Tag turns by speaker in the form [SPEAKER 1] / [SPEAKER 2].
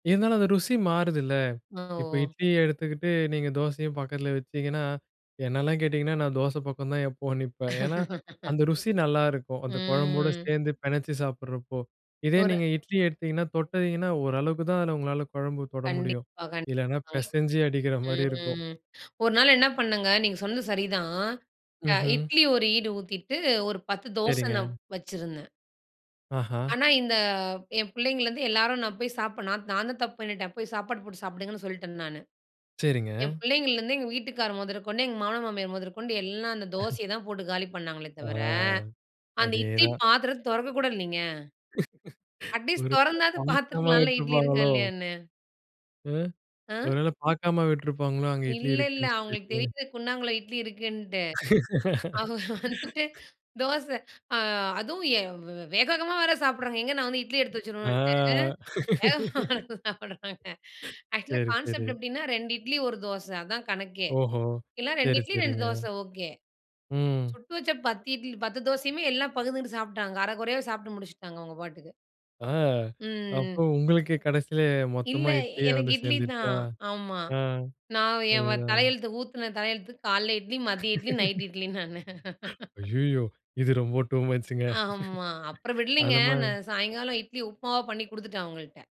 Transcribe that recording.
[SPEAKER 1] இருந்தாலும், அந்த ருசி மாறுதுல்ல.
[SPEAKER 2] அ.
[SPEAKER 1] இப்ப
[SPEAKER 2] ஓ!
[SPEAKER 1] இட்லிய எடுத்துக்கிட்டு, நீங்க தோசையும் பக்கத்துலா வச்சீங்கன்னா, என்னல்லா கேட்டீங்கன்னா, நான் தோச பக்கம் தான் எப்பவும் நிப்பேன். ஏன்னா, அந்த ருசி நல்லாருக்கும், அந்த குழம்போடு
[SPEAKER 2] ம்.
[SPEAKER 1] சேந்து பெனச்சி சாப்புட்றபோ. இதே
[SPEAKER 2] ஒரு
[SPEAKER 1] நீங்க இட்லி எடுத்தீங்கன்னா, தொட்டிங்கனா ஓரளவுக்கு தான் அதுல உங்களால கொழம்பு தொட முடியும்.
[SPEAKER 2] கண்டிப்பா.
[SPEAKER 1] இல்லனா,
[SPEAKER 2] கண்டிப்பாங்க.
[SPEAKER 1] பெசஞ்சி அடிக்கிற மாரி இருக்கும்.
[SPEAKER 2] ம். ஒரு நாள் என்ன பண்ணேங்க, நீங்க சொன்னது சரிதான். அ
[SPEAKER 1] ம்ஹ்ம்.
[SPEAKER 2] இட்லி ஒரு ஈடு ஊத்திட்டு, ஒரு 10 தோச நான்
[SPEAKER 1] சரிங்க.
[SPEAKER 2] வச்சுருந்தேன்.
[SPEAKER 1] ஆஹா.
[SPEAKER 2] ஆனா, இந்த என் பிள்ளைங்கலந்து எல்லாரும் நான் போய் சாப்புடுளா நான்தான் தப்பு பண்ணிட்டேன், போய் சாப்பாடு போட்டு சாப்டுங்கன்னு சொல்ட்டேன் நானு.
[SPEAKER 1] சரிங்க.
[SPEAKER 2] என் பிள்ளைங்கலந்து எங்க வீட்டுக்காரு மொதற்கொண்டு, எங்க மாமனார் மாமியார் மொதற்கொண்டு, எல்லாம் அந்த தோசைய தான் போட்டு காலி பண்ணாங்களே தவிர,
[SPEAKER 1] ஆ.
[SPEAKER 2] அந்த இட்லி
[SPEAKER 1] அதேதான்.
[SPEAKER 2] பாத்திரத் தொறக்கக்கூட இல்லைங்க. அட்லீஸ்ட்
[SPEAKER 1] ஒரு
[SPEAKER 2] தொறந்தாது
[SPEAKER 1] [unintelligible]
[SPEAKER 2] பாத்துருக்கலான்ல, இட்லி இருக்கா
[SPEAKER 1] விட்ருப்பாங்களோ?
[SPEAKER 2] இல்லையான்னு.
[SPEAKER 1] அ. ஒரு
[SPEAKER 2] அ?
[SPEAKER 1] வேள பாக்காம விட்டிருப்பாங்களோ, அங்க இட்லி
[SPEAKER 2] இல்ல, இல்ல.
[SPEAKER 1] இருக்குன்னு
[SPEAKER 2] அவங்களுக்கு
[SPEAKER 1] சொல்லிட்டு?
[SPEAKER 2] தெரியுது, குண்டாங்குள்ள இட்லி இருக்குன்ட்டு. அவுக வந்துட்டு தோச. ஆ அதுவும் ஏ வே வேக, வேகமா வேற சாப்புட்றாங்க, எங்க நான் வந்து இட்லி எடுத்து
[SPEAKER 1] ஆ
[SPEAKER 2] வச்சிடுவேன்ட்டு. வேகமா எடுத்து சாப்புடுறாங்க. ஆக்சுவலா
[SPEAKER 1] சரி சரி.
[SPEAKER 2] கான்சப்ட் எப்டின்னா, 2 இட்லி, 1 தோச. அதான் கணக்கே.
[SPEAKER 1] ஓஹோ!
[SPEAKER 2] இல்ல, 2
[SPEAKER 1] சரி
[SPEAKER 2] இட்லி, 2
[SPEAKER 1] சரிங்க.
[SPEAKER 2] தோச ஓக்கே.
[SPEAKER 1] ம்.
[SPEAKER 2] சுட்டு வச்ச 10 இட்லி, 10 தோசையுமே, எல்லாம் பகுந்துகிட்டு சாப்டாங்க, அர குறையாவே சாப்ட்டு முடிச்சிட்டாங்க, அவங்க பாட்டுக்கு.
[SPEAKER 1] ஆ. அப்ப
[SPEAKER 2] ம்.
[SPEAKER 1] உங்களுக்கு கடைசில மொத்தமா
[SPEAKER 2] இல்ல,
[SPEAKER 1] இட்லியே
[SPEAKER 2] எனக்கு
[SPEAKER 1] வந்து சேந்துடுச்சா?
[SPEAKER 2] இட்லிதான். ஆமா.
[SPEAKER 1] அ.
[SPEAKER 2] நான் ஏன்
[SPEAKER 1] சரி
[SPEAKER 2] வ
[SPEAKER 1] தான்.
[SPEAKER 2] தலையெழுத்து ஊத்துன தலையெழுத்துகு காலைல இட்லி, மதிய இட்லி, நைட் இட்லி, நானு.
[SPEAKER 1] அய்யயோ! இது ரொம்ப டூ மச்சுங்க.
[SPEAKER 2] ஆமா. அப்புறம் விடலீங்க.
[SPEAKER 1] அந்த மாரி
[SPEAKER 2] நான் சாயங்காலம் இட்லி உப்புமாவா பண்ணி குடுத்துட்டேன், அவங்கள்ட்ட.